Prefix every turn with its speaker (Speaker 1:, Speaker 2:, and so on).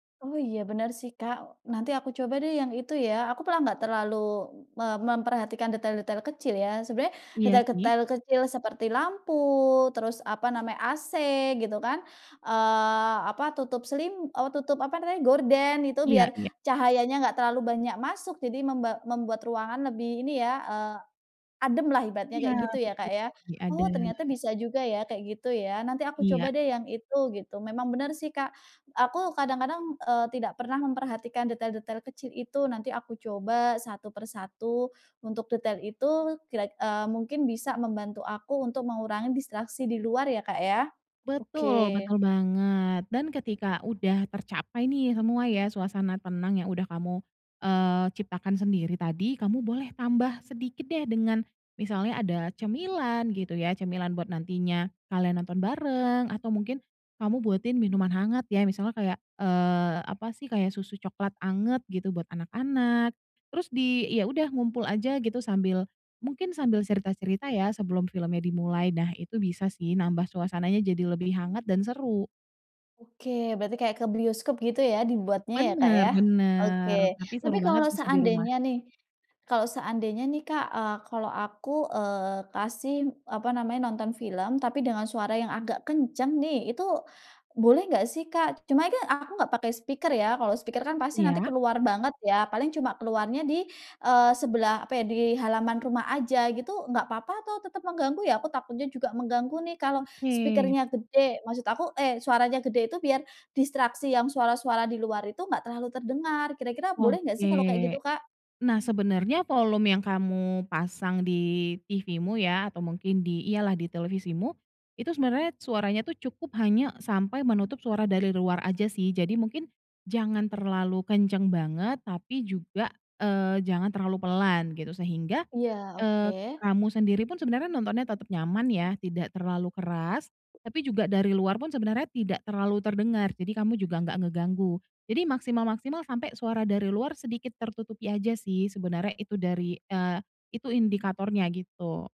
Speaker 1: Oh iya bener sih Kak, nanti aku coba deh yang itu ya. Aku malah nggak terlalu me memperhatikan detail-detail kecil ya, sebenarnya
Speaker 2: Iya sih.
Speaker 1: detail-detail kecil seperti lampu terus apa namanya, AC gitu kan, eee, apa tutup selim eee, tutup apa namanya gorden itu
Speaker 2: Iya
Speaker 1: biar
Speaker 2: iya.
Speaker 1: cahayanya nggak terlalu banyak masuk jadi memba membuat ruangan lebih ini ya, eee, ademlah ibaratnya
Speaker 2: Iya
Speaker 1: kayak gitu ya
Speaker 2: betul
Speaker 1: Kak ya.
Speaker 2: lebih
Speaker 1: Oh
Speaker 2: adem.
Speaker 1: ternyata bisa juga ya kayak gitu ya, nanti aku
Speaker 2: Iya.
Speaker 1: coba deh yang itu gitu. Memang benar sih Kak, aku kadang-kadang, eee, tidak pernah memperhatikan detail-detail kecil itu nanti aku coba satu per satu, untuk detail itu kira eee, mungkin bisa membantu aku untuk mengurangi distraksi di luar ya Kak ya,
Speaker 2: Betul
Speaker 1: oke.
Speaker 2: betul banget dan ketika udah tercapai nih semua ya suasana tenang yang udah kamu, eee, ciptakan sendiri tadi kamu boleh tambah sedikit deh dengan misalnya ada cemilan gitu ya, cemilan buat nantinya kalian nonton bareng atau mungkin kamu buatin minuman hangat ya misalnya kayak, eee, apa sih kayak susu coklat hangat gitu buat anak-anak, terus di ya udah ngumpul aja gitu sambil, mungkin sambil cerita-cerita ya sebelum filmnya dimulai. Nah itu bisa sih nambah suasananya jadi lebih hangat dan seru.
Speaker 1: Oke berarti kayak ke bioskop gitu ya dibuatnya ya Kak
Speaker 2: Benar
Speaker 1: ya, oke.
Speaker 2: benar, tapi seru
Speaker 1: Tapi
Speaker 2: banget
Speaker 1: kalau
Speaker 2: bisa di rumah.
Speaker 1: seandainya nih kalau seandainya nih Kak, eee, kalau aku, eee, kasih apa namanya, nonton film tapi dengan suara yang agak kenceng nih, itu boleh nggak sih Kak? Cuma kan aku nggak pakai speaker ya, kalau speaker kan pasti nanti
Speaker 2: Iya.
Speaker 1: keluar banget ya paling cuma keluarnya di eee, sebelah apa ya, di halaman rumah aja gitu nggak papa atau tetep mengganggu ya? Aku takutnya juga mengganggu nih kalau
Speaker 2: Oke.
Speaker 1: speaker-nya gede maksud aku eh, suaranya gede itu biar, distraksi yang suara-suara di luar itu enggak terlalu terdengar ,kira-kira boleh nggak sih kalau kayak
Speaker 2: Oke,
Speaker 1: gitu Kak?
Speaker 2: nah sebenarnya volume yang kamu pasang di TV-mu ya atau mungkin di iyalah di televisimu, itu sebenernya suaranya tuh cukup hanya sampai menutup suara dari luar aja sih. Jadi mungkin jangan terlalu kencang banget tapi juga, eee, jangan terlalu pelan gitu. Sehingga,
Speaker 1: Iya
Speaker 2: eee,
Speaker 1: oke.
Speaker 2: kamu sendiri pun sebenarnya nontonnya tetep nyaman ya tidak terlalu keras, tapi juga dari luar pun sebenarnya tidak terlalu terdengar, jadi kamu juga gak ngeganggu. Jadi maksimal-maksimal sampai suara dari luar sedikit tertutupi aja sih sebenernya itu dari eee, itu indikatornya gitu.